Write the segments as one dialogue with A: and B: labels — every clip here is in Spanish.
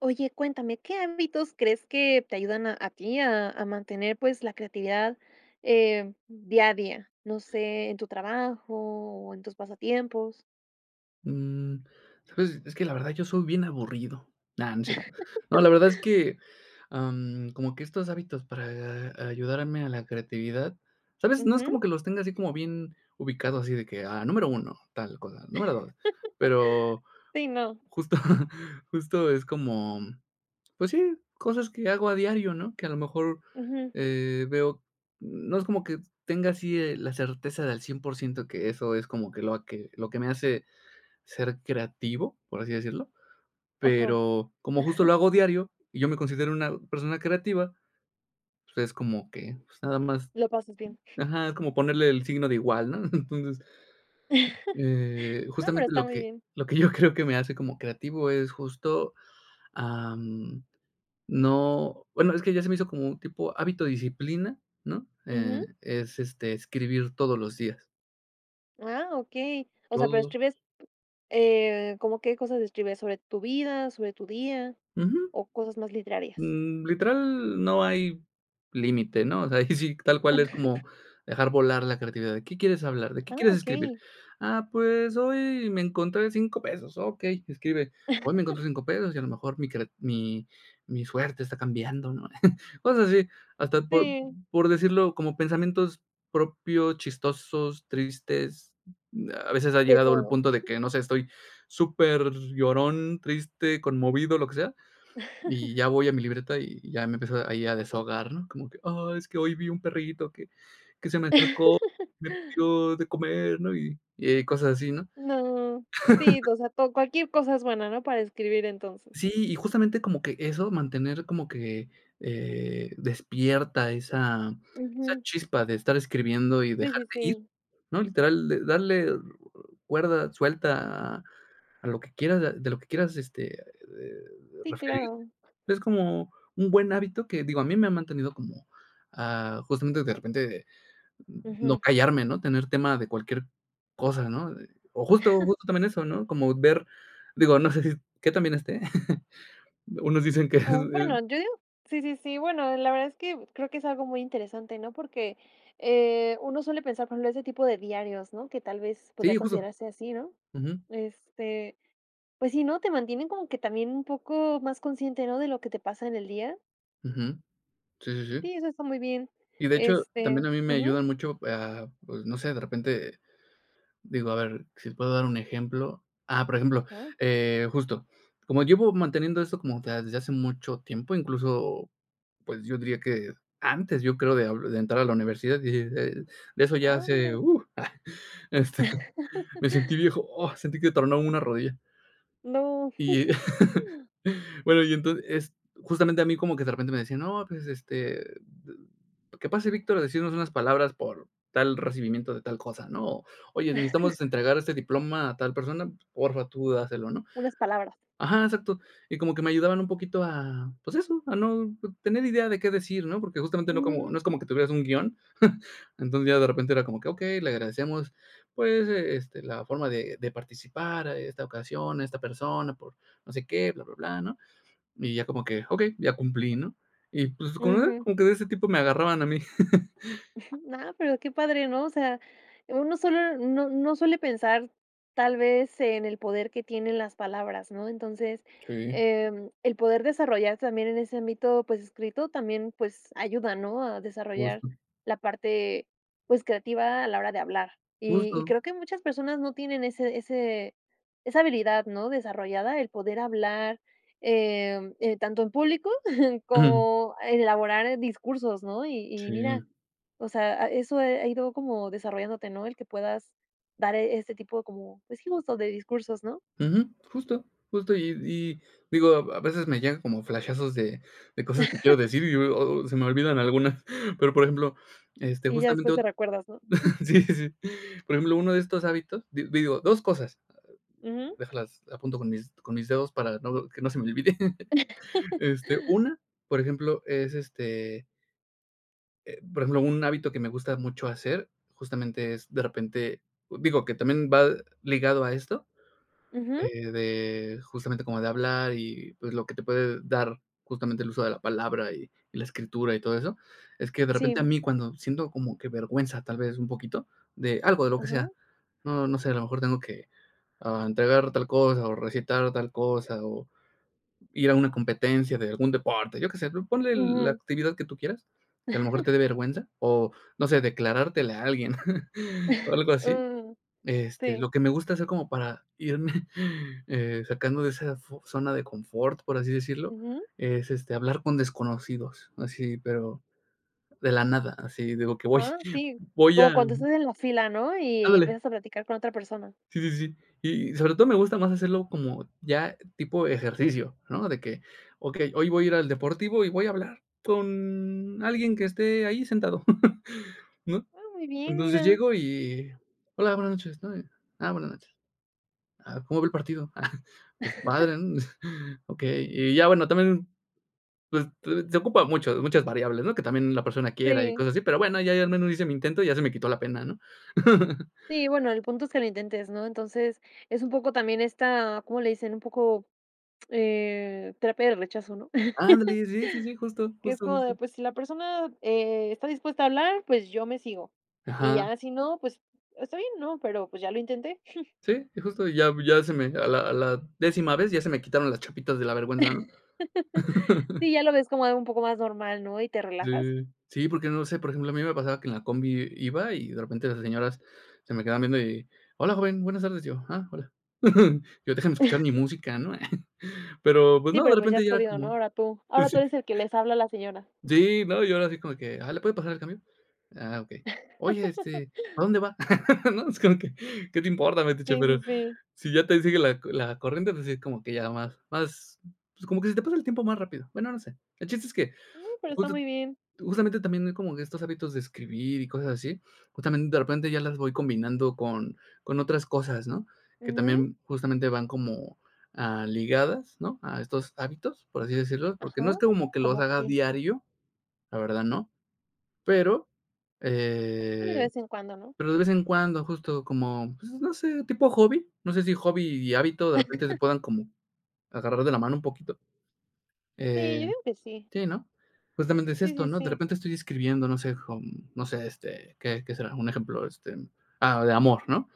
A: Oye, cuéntame, ¿qué ámbitos crees que te ayudan a a ti a a mantener, pues, la creatividad, eh, día a día? No sé, en tu trabajo o en tus pasatiempos.
B: Mm, ¿sabes?, es que la verdad yo soy bien aburrido. No, no es cierto. No, la verdad es que, ah, mm, como que estos hábitos para ayudarme a la creatividad, ¿sabes?, no es
A: Ujú.
B: como que los tenga así como bien ubicados, así de que, ah, número 1, tal cosa, número 2, pero
A: Sí, no.
B: justa justo es como, mm, pues sí, cosas que hago a diario, ¿no? Que a lo mejor,
A: Ujú.
B: eh, veo, n no es como que tenga así, eh, la certeza de al 100%, que eso es como que lo que lo que me hace ser creativo, por así decirlo.
A: Ajá.
B: Pero como justo lo hago diario y yo me considero una persona creativa, pues es como que, pues nada más
A: Lo pasas bien.
B: ajá, es como ponerle el signo de igual, ¿no? Entonces, eh,
A: No, pero
B: justamente
A: está
B: lo
A: muy
B: que
A: bien.
B: lo que yo creo que me hace como creativo es justo, ah, mm, no, bueno, es que ya se me hizo como tipo hábito, disciplina, ¿no?, eh,
A: Ujú.
B: es, este, escribir todos los días.
A: Ah, okey. O sea, pero,
B: Todos.
A: escribes, eh, ¿como qué cosas escribes sobre tu vida, sobre tu día
B: Ujú.
A: o cosas más literarias?
B: Mm, literal no hay límite, ¿no? O sea, ahí sí, tal cual, es como dejar volar la creatividad, ¿de qué quieres hablar? ¿De qué
A: Ah,
B: quieres escribir?
A: okey.
B: Ah, pues, hoy me encontré 5 pesos, okey, escribe, hoy me encontré 5 pesos y a lo mejor mi creat mi mi suerte está cambiando, ¿no? Cosas así, hasta por
A: Sí.
B: por decirlo como pensamientos propios, chistosos, tristes. A veces ha
A: De
B: llegado el
A: todo.
B: punto de que, no sé, estoy superllorón, triste, conmovido, lo que sea, y ya voy a mi libreta, y ya me empiezo ahí a desahogar, ¿no?, como que: "Ah, es que hoy vi un perrito que que se me acercó, me pidió de comer", ¿no?, y eh y cosas así, ¿no?
A: No, sí, o sea, to cualquier cosa es buena, ¿no?, para escribir entonces.
B: Sí, y justamente como que eso, mantener como que, eh, despierta esa esa
A: Ujú.
B: chispa de estar escribiendo y
A: Sí, sí,
B: dejarte ir,
A: sí.
B: ¿no? Literal, de darle cuerda, suelta a lo que quieras, de de lo que quieras, este, eh
A: Sí,
B: referirte.
A: claro.
B: Es como un buen hábito que, digo, a mí me ha mantenido como, ah, justamente de repente no
A: Ujú.
B: callarme, ¿no?, tener tema de cualquier cosa, ¿no? O justo justo también eso, ¿no?, como ver, digo, no sé, si qué tan bien esté. Unos dicen que, es
A: Oh, mm,
B: es
A: bueno, yo digo, sí, sí, sí, bueno, la verdad es que creo que es algo muy interesante, ¿no?, porque, eh, uno suele pensar, por ejemplo, ese tipo de diarios, ¿no?, que tal vez podría
B: Sí, justo.
A: considerarse así, ¿no?,
B: Ujú.
A: este, pues sí, ¿no?, te mantienen como que también un poco más consciente, ¿no?, de lo que te pasa en el día.
B: Ujú. Sí, sí, sí.
A: Sí, eso está muy bien,
B: Y de hecho, también
A: este,
B: a mí me
A: ujú.
B: ayudan mucho a, pues, no sé, de repente, digo, a ver, si puedo dar un ejemplo. Ah, por ejemplo,
A: Ajá.
B: eh, justo, como llevo manteniendo esto como, o sea, desde hace mucho tiempo, incluso, pues, yo diría que antes, yo creo, de de entrar a la universidad y de de eso ya
A: Ah,
B: hace,
A: mira.
B: uh, ah, este, me sentí viejo, oh, sentí que tronó una rodilla.
A: No.
B: Y, bueno, y entonces, es justamente a mí como que de repente me decían, no, pues, este, ¿qué pase Víctor a decirnos unas palabras por tal recibimiento de tal cosa? ¿no? Oye, necesitamos entregar este diploma a tal persona, por fa, tú dáselo, ¿no?
A: Unas palabras.
B: Ajá, exacto. Y como que me ayudaban un poquito a, pues, eso, a no tener idea de qué decir, ¿no? Porque, justamente no como,
A: Ujú.
B: no es como que tuvieras un guión. Entonces, ya de repente era como que, okey, le agradecemos, pues, este, la forma de de participar, eh, esta ocasión, a esta persona, por no sé qué, bla, bla, bla, ¿no?, y ya como que, okey, ya cumplí, ¿no?, y pues, con una
A: Ujú.
B: como que de ese tipo me agarraban a mí.
A: No, pero qué padre, ¿no? O sea, uno solo no no suele pensar tal vez, en el poder que tienen las palabras, ¿no?, entonces,
B: Sí.
A: em, el poder desarrollar también en ese ámbito, pues escrito, también, pues ayuda, ¿no? A desarrollar
B: Justo.
A: la parte, pues, creativa a la hora de hablar. Y y
B: Justo.
A: creo que muchas personas no tienen ese ese esa habilidad, ¿no?, desarrollada el poder hablar, em, eh, tanto en público
B: Ujú.
A: como elaborar discursos, ¿no? Y y mira,
B: Sí.
A: o sea, a eso, eh, ha ido como desarrollándote, ¿no?, el que puedas dar, eh, este tipo como, pues, sí justo de discursos, ¿no?
B: Ujú. Justo justo y d y digo a v a veces me llegan como flashazos de de cosas que quiero decir y y oh oh se me olvidan algunas. Pero, por ejemplo, este
A: Y ya
B: justamente
A: después te
B: ot
A: recuerdas, ¿no?
B: sí sí. Por ejemplo, 1 de estos hábitos, di digo, 2 cosas.
A: Ujú.
B: Déjalas apunto con mis con mis dedos, para no que no se me olvide. Este, una, por ejemplo, es este Eh, por ejemplo, un hábito que me gusta mucho hacer, justamente es de repente, digo, que también va ligado a esto,
A: Ujú.
B: eh, de justamente como de hablar y, pues, lo que te puede dar justamente el uso de la palabra y y la escritura y todo eso, es que de repente a
A: Sí.
B: mí cuando siento como que vergüenza tal vez, un poquito de algo, de lo que sea,
A: Ajá.
B: no no sé, a lo mejor tengo que, ah, entregar tal cosa o recitar tal cosa, o ir a una competencia de algún deporte, yo que sé, ponle la
A: Ujú.
B: actividad que tú quieras, que a lo mejor te dé vergüenza, o no sé, declarártele a alguien, o algo así.
A: Mm,
B: Este,
A: sí.
B: lo que me gusta hacer como para irme, eh, sacando de esa fo zona de confort, por así decirlo,
A: Ujú.
B: es, este, hablar con desconocidos. Así, pero, de la nada. Así digo que voy
A: Ah, sí,
B: voy
A: como
B: a
A: cuando estás en la fila, ¿no? Y
B: Ándale.
A: empiezas a platicar con otra persona.
B: Sí, sí, sí. Y sobre todo me gusta más hacerlo como ya tipo ejercicio, ¿no?, de que, okey, hoy voy a ir al deportivo y voy a hablar con alguien que esté ahí sentado, ¿no?
A: Ah, muy bien,
B: Entonces
A: mira.
B: llego y: "Hola, buenas noches", ¿no?, eh, "Ah buena noche", ah "¿cómo ve el partido?", ah "Pues padre", ¿no? Okey. Y ya bueno, también, pues, se se ocupa mucho muchas variables, ¿no? Que también, la persona quiera y
A: Sí.
B: cosas así. Pero bueno, ya ahí al menos hice mi intento y ya se me quitó la pena, ¿no?
A: Sí, bueno, el punto es que lo intentes, ¿no?, entonces, es un poco también esta, ¿cómo le dicen?, un poco, eh, terapia del rechazo, ¿no?
B: Ándale sí, sí, sí, justo,
A: Que es
B: justo,
A: como de
B: justo.
A: pues, si la persona, eh, está dispuesta a hablar pues, yo me sigo. Y
B: Ajá.
A: ya, si no, pues, está bien, ¿no?, pero, pues, ya lo intenté.
B: Sí justo, ya ya se me a la a la décima vez ya se me quitaron las chapitas de la vergüenza, ¿no?
A: Sí, ya lo ves como algo un poco más normal, ¿no?, y te relajas.
B: Sí, sí, porque, no lo sé, por ejemplo, a mí me pasaba que en la combi iba y de repente las señoras se me quedaban viendo, y: "Hola joven, buenas tardes, yo, ah, hola". Yo déjame escuchar mi música, ¿no? Pero, pues,
A: Sí,
B: no, de
A: pero, pues, ya
B: repente
A: has
B: ya era
A: podido, ¿no?,
B: como,
A: ahora tú,
B: pues,
A: ahora
B: sí
A: tú eres el que les habla a la señora.
B: sí, ¿no?, y yo era sí como que, ajá, ¿le puede pasar el cambio? Ah, okey. Oye, este, ¿a dónde va? ¿no?, es como que, ¿qué te importa, metiche?,
A: Sí, sí,
B: pero
A: sí.
B: si ya te sigue la co la corriente, pues sí, como que ya más más, pues, como que se te pasa el tiempo más rápido, bueno, no sé. El chiste es que
A: Uh, pero, está
B: justo
A: muy bien.
B: justamente también hay como que estos hábitos de escribir y cosas así, justamente de repente ya las voy combinando con con otras cosas, ¿no?, que
A: Ujú.
B: también justamente van como, ah, ligadas, ¿no?, a estos hábitos, por así decirlo, porque, no es
A: Ajá,
B: que como que los
A: ¿cómo
B: haga
A: que?
B: diario, la verdad no. Pero
A: Una de
B: eh,
A: vez en cuando, ¿no?
B: pero, de vez en cuando justo como, pues, no sé, tipo hobby, no sé, si hobby y hábito de repente se puedan como agarrar de la mano un poquito.
A: Sí, yo
B: Eh,
A: digo que sí.
B: sí, ¿no?, justamente es
A: Sí,
B: esto,
A: sí,
B: ¿no?, de
A: sí.
B: repente estoy escribiendo, no sé, con no sé, este, ¿qué qué será?, un ejemplo, este, ah, de amor, ¿no?,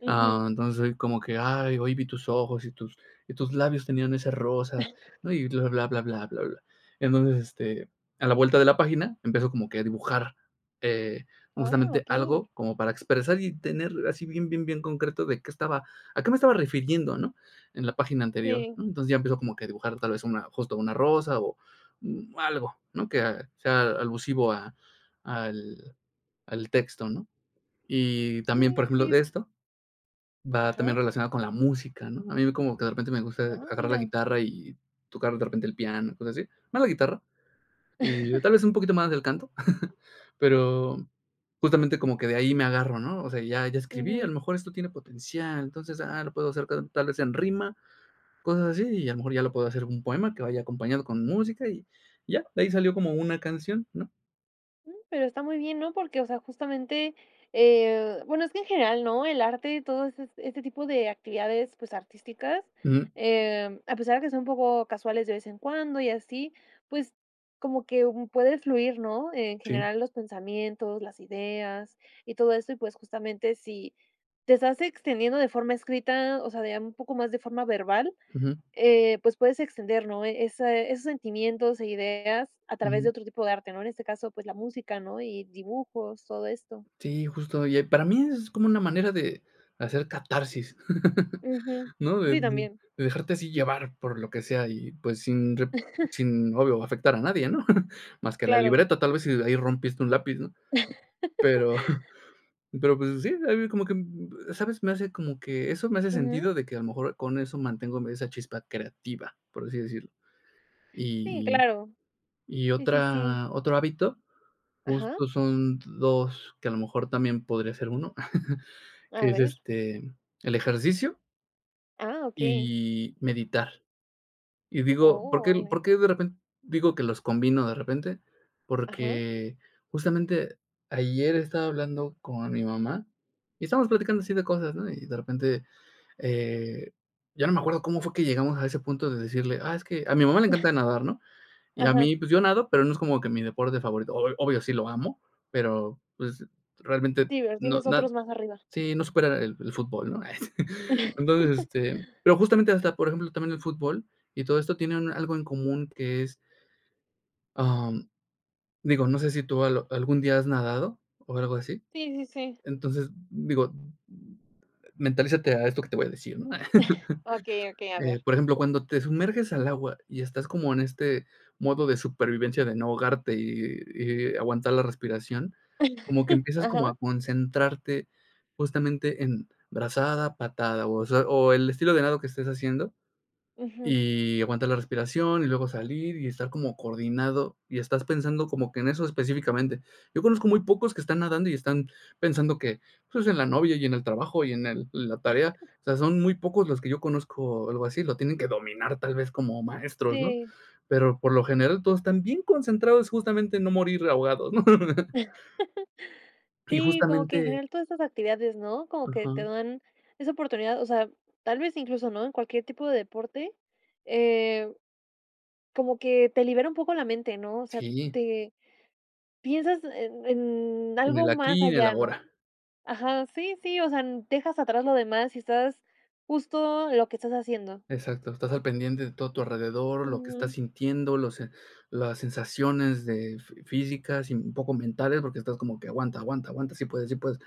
A: Ujú.
B: ah, entonces soy como que: "Ay, hoy vi tus ojos y tus y tus labios tenían ese rosa", ¿no?, y bla, bla, bla, bla, bla. Entonces, este, a la vuelta de la página empiezo como que a dibujar, eh,
A: Ah,
B: justamente
A: okey.
B: algo como para expresar y tener así bien, bien, bien concreto de qué estaba a qué me estaba refiriendo, ¿no?, en la página anterior,
A: Sí.
B: ¿no? Entonces ya empiezo como que a dibujar, tal vez una justo una rosa, o mm, algo ¿no?, que ah, sea alusivo a al al texto, ¿no? Y también,
A: Sí,
B: por ejemplo
A: cier
B: de esto, va también
A: Ajá.
B: relacionado con la música, ¿no? A mí como que de repente me gusta
A: Ah,
B: agarrar la
A: mira.
B: guitarra y tocar de repente el piano, cosas así. Más la guitarra y tal vez, un poquito más del canto, pero, justamente como que de ahí me agarro, ¿no? O sea, ya ya escribí, a
A: Ujú.
B: lo mejor esto tiene potencial, entonces, ah, lo puedo hacer ta tal vez en rima, cosas así y a lo mejor ya lo puedo hacer un poema que vaya acompañado con música y ya, de ahí salió como una canción, ¿no?
A: Mm, pero está muy bien, ¿no?, porque, o sea, justamente, eh, bueno, es que en general, ¿no?, el arte y todo ese s este tipo de actividades, pues, artísticas,
B: Ujú.
A: em, a pesar de que son un poco casuales de vez en cuando y así, pues, como que puedes fluir, ¿no?, en
B: Sí.
A: general los pensamientos, las ideas y todo esto, y pues, justamente si te estás extendiendo de forma escrita, o sea, de un poco más de forma verbal,
B: Ujú.
A: eh, pues, puedes extender, ¿no?, ese esos sentimientos e ideas a través de
B: Ujú.
A: otro tipo de arte, ¿no?, en este caso, pues, la música, ¿no?, y dibujos, todo esto.
B: Sí, justo oye, para mí es como una manera de hacer catarsis,
A: Ujú.
B: ¿no?, de
A: Sí,
B: de
A: también.
B: de dejarte así llevar por lo que sea y, pues, sin re sin, obvio, afectar a nadie, ¿no?, más que a la
A: Claro.
B: libreta, tal vez, si ahí rompiste un lápiz, ¿no?, pero pero, pues sí, ahí vi como que, mm, ¿sabes?, me hace, como que eso me hace
A: Ujú.
B: sentido de que a lo mejor, con eso mantengo, mm, esa chispa creativa, por así decirlo.
A: Sí,
B: Y
A: claro.
B: y y
A: Sí, sí, sí.
B: otra otro hábito,
A: ¿Ajá?
B: justo son 2 que a lo mejor también, podría ser 1,
A: A
B: que es,
A: ver.
B: este, el ejercicio.
A: Ah, okey.
B: Y meditar. Y digo, ¿por
A: ¡Oh!,
B: qué por
A: vale.
B: qué de repen digo, que los combino de repente?,
A: Ajá.
B: porque, justamente, ayer estaba hablando con mi mamá, y estábamos platicando así de cosas, ¿no?, y de repente, eh, ya no me acuerdo cómo fue que llegamos a ese punto de decirle: "Ah, es que a mi mamá le encanta nadar", ¿no?, y a
A: Ajá.
B: mí, pues, yo nado, pero no es como que mi deporte favorito. O obvio, sí lo amo, pero, pues, realmente,
A: Sí, pero
B: no
A: tienes
B: na
A: otros más arriba.
B: sí, no supera el el fútbol, ¿no?, ay, sí. Entonces, este, pero justamente, hasta por ejemplo, también el fútbol y todo esto tiene un algo en común que es. Ah, mm, digo, no sé si tú al algún día has nadado, o algo así.
A: Sí, sí, sí.
B: Entonces, digo, mm: "Mentalízate a esto que te voy a decir", ¿no?,
A: Okey, okey, a
B: eh,
A: ver.
B: por ejemplo, cuando te sumerges al agua y estás como en este modo de supervivencia de no ahogarte y y y aguantar la respiración, como que empiezas como
A: Ajá.
B: a concentrarte, justamente en brazada, patada, o sea, o el estilo de nado que estés haciendo,
A: Ujú.
B: y aguantar la respiración, y luego salir, y estar como coordinado, y estás pensando como que en eso específicamente. Yo conozco muy pocos que están nadando y están pensando que, pues, en la novia y en el trabajo y en el en la tarea, o o sea, son muy pocos los que yo conozco, algo así, lo tienen que dominar tal vez como maestros, ¿no?,
A: Sí.
B: pero, por lo general, todos están bien concentrados, justamente, en no morir ahogados, ¿no? Y
A: Sí, como que en
B: justamente
A: general todas estas actividades, ¿no?, como que te
B: Ajá.
A: dan esa oportunidad, o sea, tal vez, incluso, ¿no?, en cualquier tipo de deporte, eh, como que te libera un poco la mente, ¿no?, o sea,
B: ¡Sí!
A: te piensas en en
B: En el
A: algo más
B: aquí y en el
A: allá, ¿no?,
B: ahora.
A: ajá, sí, sí, o sea, mm, dejas atrás lo demás y estás justo, en lo que estás haciendo.
B: Exacto, estás al pendiente de todo tu alrededor, lo que estás
A: Ujú.
B: sintiendo, los e las sensaciones de f físicas y un poco mentales porque estás como que aguanta, aguanta, aguanta, sí puedes, sí puedes.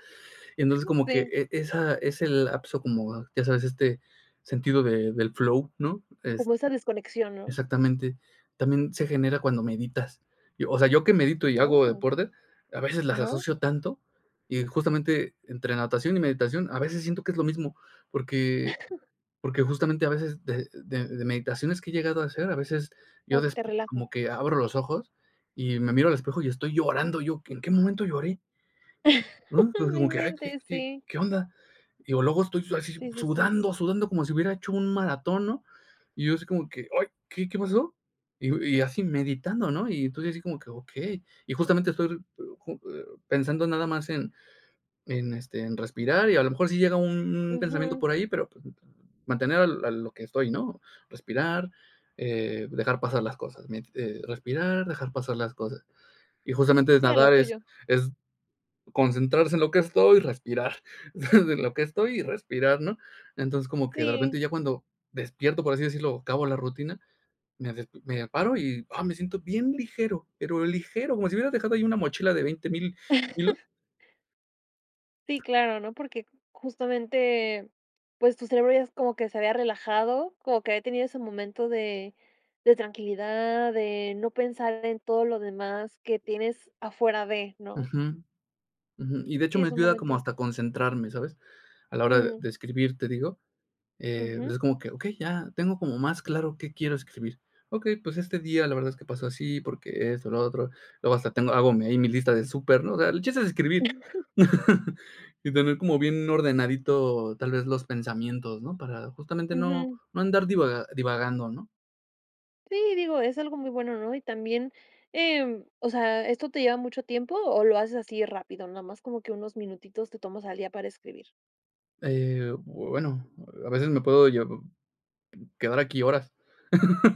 B: Y entonces, como que,
A: Sí.
B: e esa ese lapso como, ya sabes, este sentido de del flow, ¿no?, es
A: Como esa desconexión, ¿no?
B: exactamente, también se genera cuando meditas. Yo, o sea, ¿yo qué medito y hago
A: Oh.
B: deporte?, a veces las
A: Ajá.
B: asocio tanto, y justamente, entre natación y meditación, a veces siento que es lo mismo, porque porque justamente a veces, de de de meditaciones que he llegado a hacer, a veces yo
A: Como que
B: des
A: te relaja.
B: como que abro los ojos y me miro al espejo y estoy llorando yo, ¿en qué momento lloré? Uh, digo
A: No
B: como que, ay, ¿qué
A: inventes,
B: qué
A: sí.
B: qué onda?, digo, luego estoy su así
A: Sí, sí, sí.
B: sudando, sudando como si hubiera hecho un maratón, ¿no?, y yo así como que, ay, ¿qué qué pasó?, y digo y así meditando, ¿no?, y entonces, así como que, okey. Y justamente, estoy pe [unintelligible] pensando nada más en en este, en respirar y a lo mejor si llega un un pensamiento
A: Ujú.
B: por ahí, pero p mantener a lo a lo que estoy, ¿no? Respirar, eh, dejar pasar las cosas, mien eh, respirar, dejar pasar las cosas. Y justamente,
A: Sí, a lo
B: nadar es
A: tuyo.
B: es concentrarse en lo que estoy y respirar. En lo que estoy y respirar, ¿no?, entonces, como que de repente
A: Sí.
B: ya cuando despierto, por así decirlo, o acabo la rutina, me despi me paro y, ah, me siento bien ligero, pero ligero. Como si hubieras dejado ahí una mochila de 20000 kilos.
A: Sí, claro, ¿no? Porque justamente, pues, tu cerebro ya es como que se había relajado, como que había tenido ese momento de de tranquilidad, de no pensar en todo lo demás que tienes afuera de, ¿no?
B: Ujú. Ujú, y de hecho
A: Sí,
B: me
A: es un
B: ayuda como
A: momento.
B: hasta concentrarme, ¿sabes? A la hora de
A: Mm.
B: de escribir te digo, eh,
A: Ujú.
B: es como que, okey, ya tengo como más claro qué quiero escribir. Okey, pues, este día la verdad es que pasó así, porque esto, lo otro, luego hasta tengo hago ahí mi lista de súper, ¿no? O sea, el chiste es escribir. Y tener como bien ordenadito, tal vez, los pensamientos, ¿no? Para justamente no
A: Ujú.
B: no andar divaga divagando, ¿no?
A: Sí, digo, es algo muy bueno, ¿no? Y también, em, o sea, ¿esto te lleva mucho tiempo, o lo haces así rápido? Nada más, como que unos minutitos te tomas al día para escribir.
B: Eh, bueno, a veces me puedo llev quedar aquí horas.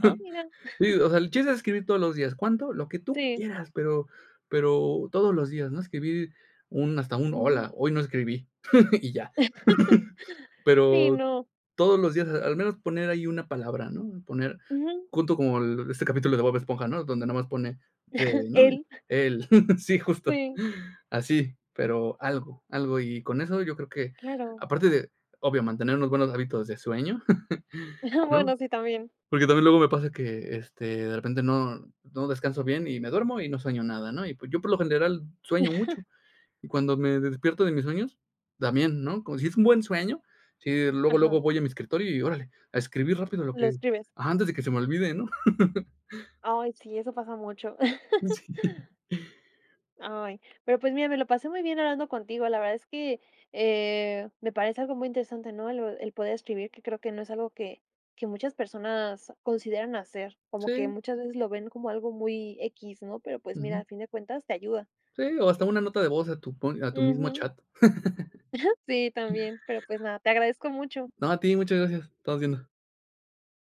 A: Ah, mira.
B: Sí, o sea, el chiste es escribir todos los días, ¿cuánto? Lo que tú
A: Sí.
B: quieras, pero pero todos los días, ¿no? Escribir un hasta un:
A: Ujú.
B: "Hola, hoy no escribí", y ya.
A: Sí,
B: Pero,
A: ¿no?
B: todos los días, al menos poner ahí una palabra, ¿no? Poner
A: Ujú.
B: junto con el este capítulo de Bob Esponja, ¿no? Donde nada más pone, te no
A: ¿Él?
B: él, sí justo,
A: Sí.
B: así, pero, algo, algo y con eso yo creo que,
A: Claro.
B: aparte de, obvio, mantener unos buenos hábitos de sueño,, ¿no?
A: Bueno, sí también.
B: ,porque, también luego me pasa que, este, de repente no no descanso bien y me duermo y no sueño nada, ¿no?, y, pues, yo por lo general sueño mucho. Y cuando me despierto de mis sueños, también, ¿no?, como si es un buen sueño, si luego,
A: Ajá.
B: luego voy a mi escritorio y órale, a escribir rápido lo
A: Lo
B: que
A: escribes.
B: antes de que se me olvide, ¿no?
A: Ay, sí, eso pasa mucho.
B: Sí.
A: Ay, pero, pues, mira, me lo pasé muy bien hablando contigo, la verdad es que, eh, me parece algo muy interesante, ¿no? El el poder escribir, que creo que no es algo que que muchas personas consideran hacer, como que
B: Sí.
A: muchas veces lo ven como algo muy equis, ¿no? Pero pues mira,
B: Ujú.
A: a fin de cuentas te ayuda.
B: Sí, o hasta una nota de voz a tu pon a tu mismo
A: Ujú.
B: chat.
A: Sí, también, pero, pues nada, te agradezco mucho.
B: No, a ti, muchas gracias. Estamos viendo.